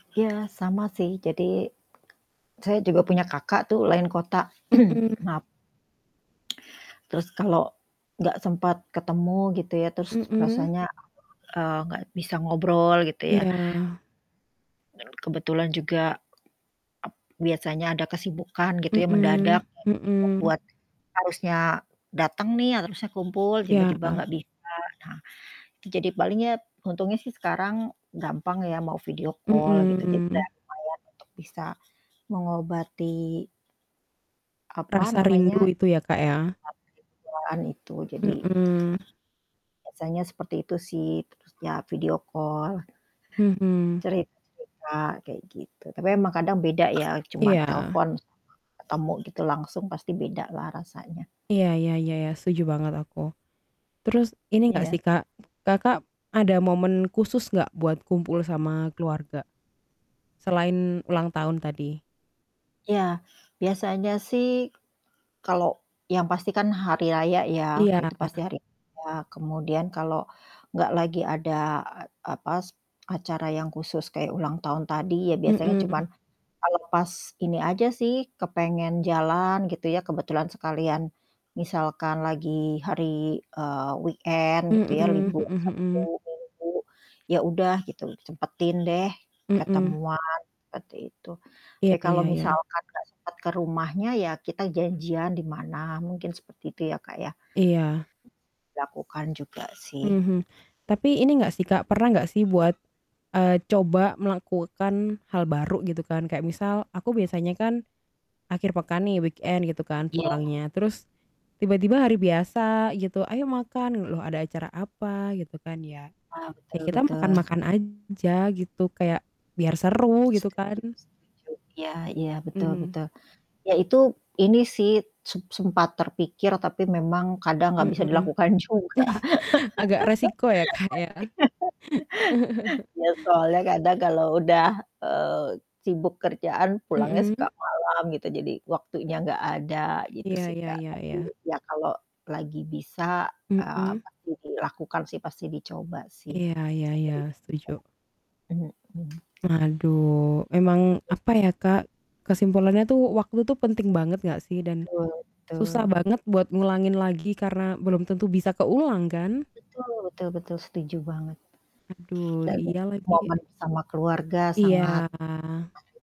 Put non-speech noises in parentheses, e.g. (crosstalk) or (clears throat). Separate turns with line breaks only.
Iya sama sih jadi, saya juga punya kakak tuh lain kota. (clears throat)
Mhm.
Maaf. Terus kalau gak sempet ketemu gitu ya, terus
Mhm.
rasanya, eee, gak bisa ngobrol gitu ya.
Iya.
Kebetulan juga, ep biasanya ada kesibukan gitu ya
Mhm
mendadak (unintelligible)
mhm.
membuat harusnya dateng nih, harusnya kumpul tiba-tiba
Iya.
gak bisa. Nah, itu jadi paling ya untungnya sih sekarang gampang ya mau video call gitu jadi
Mhm.
gampang ya untuk bisa mengobati apa
Rasa
namanya,
rindu itu ya Kak ya.
(unintelligible) itu jadi,
Mhm.
biasanya seperti itu sih, terus ya video call
Mhm.
cerita-cerita kayak gitu. Tapi emang kadang beda ya cuman
Iya.
telpon, ketemu gitu langsung pasti bedalah rasanya.
Iya iya iya iya, setuju banget aku. Terus, ini gak sih
Iya.
Kak, Kakak ada momen khusus gak buat kumpul sama keluarga? Selain ulang tahun tadi?
Iya. Biasanya sih kalau yang pasti kan hari raya ya Kak
Iya.
itu pasti hari raya. Kemudian kalau enggak lagi ada a apas acara yang khusus kayak ulang tahun tadi ya biasanya cuman
Mhm.
ngelepas ini aja sih, kepengen jalan gitu ya kebetulan sekalian, misalkan lagi hari, eee, weekend gitu ya
Mhm
libur
mhm
Sabtu
mhm.
Minggu. Ya udah gitu sempetin deh
Mhm.
ketemuan, seperti itu. Tapi
Iya
kalau
iya iya.
misalkan gak sempet ke rumahnya ya kita janjian di mana, mungkin seperti itu ya Kak ya.
Iya.
Lakukan juga sih.
Mhm. Tapi ini gak sih Kak? Pernah gak sih buat, eee, coba melakukan hal baru gitu kan kayak misal, aku biasanya kan akhir pekan nih weekend gitu kan
Iya.
pulangnya. Terus, tiba-tiba hari biasa gitu, "Ayo, makan!" L loh ada acara apa? Gitu kan ya.
Nah,
Ya
betul
kita
betul.
makan-makan aja gitu kayak biar seru gitu
Setuju
kan.
setuju. Iya iya. Betul
Mhm.
betul. Ya itu ini sih, sem sempat terpikir tapi memang kadang gak bisa
Mhm.
dilakukan juga.
(chuckles) Agak resiko ya Kak ya. (chuckles)
(laughs) Iya. Ya soalnya kadang kalau udah, eee, sibuk kerjaan pulangnya suka
Mhm.
malam gitu, jadi waktunya gak ada, gitu
Iya
sih
iya
Kak.
iya
Tapi
iya.
ya kalau lagi bisa, eee,
Mhm.
pasti dilakukan sih, pasti dicoba sih
Iya iya iya. Setuju.
(unintelligible) mhm.
Aduh. Emang
Mmm.
apa ya Kak? Kesimpulannya tuh waktu itu penting banget gak sih? Dan
Betul
susah
betul.
banget buat ngulangin lagi karena belum tentu bisa keulang kan.
Betul betul betul, setuju banget.
Aduh,
Dan
iya lagi.
momen sama keluarga
Iya.
sangat (unintelligible)